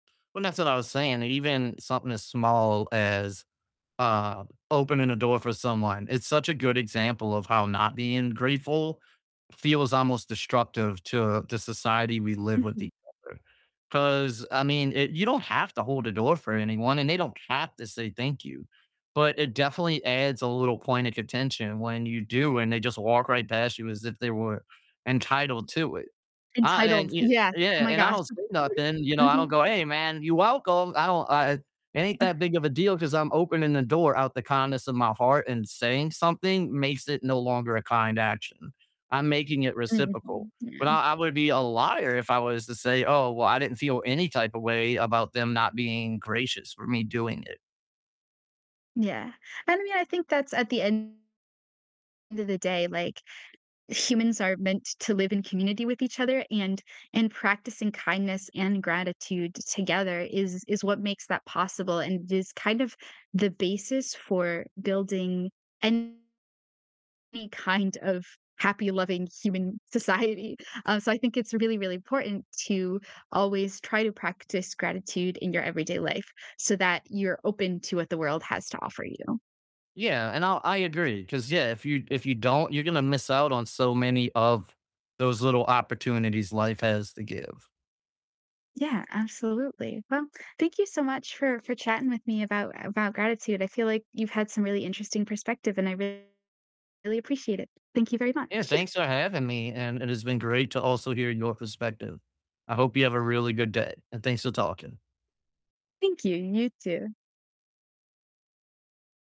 Well, and that's what I was saying, that even something as small as, um, opening a door for someone, it's such a good example of how not being grateful feels almost destructive to the society we live with Mhm. each other. 'Cause, I mean, it you don't have to hold a door for anyone, and they don't have to say, "Thank you," but it definitely adds a little point of contention when you do, and they just walk right past you as if they were entitled to it. Ah, and then Entitled, you yes, oh Yeah, my and I gosh. don't say nothing, you know, I don't Mhm. go, "Hey, man, you welcome." I don't, uh, it it ain't that big of a deal 'cause I'm opening the door out the kindness of my heart and saying something makes it no longer a kind action; I'm making it reciprocal. Mhm, But yeah. I I would be a liar if I was to say, "Oh, well, I didn't feel any type of way," about them not being gracious for me doing it. Yeah. And I mean, I think that's at the end of the day, like, humans are meant to live in community with each other, and and practicing kindness and gratitude together is is what makes that possible, and it is kind of the basis for building any kind of happy, loving human society. Um, so I think it's really, really important to always try to practice gratitude in your everyday life so that you're open to what the world has to offer you. Yeah, and I'll I agree 'cause, yeah, if you if you don't, you're gonna miss out on so many of those little opportunities life has to give. Yeah, absolutely. Well, thank you so much for for chatting with me about about gratitude, I feel like you've had some really interesting perspective, and I really appreciate it. Thank you very Yeah, much. thanks for having me, and it has been great to also hear your perspective. I hope you have a really good day, and thanks for talking. Thank you, and you too.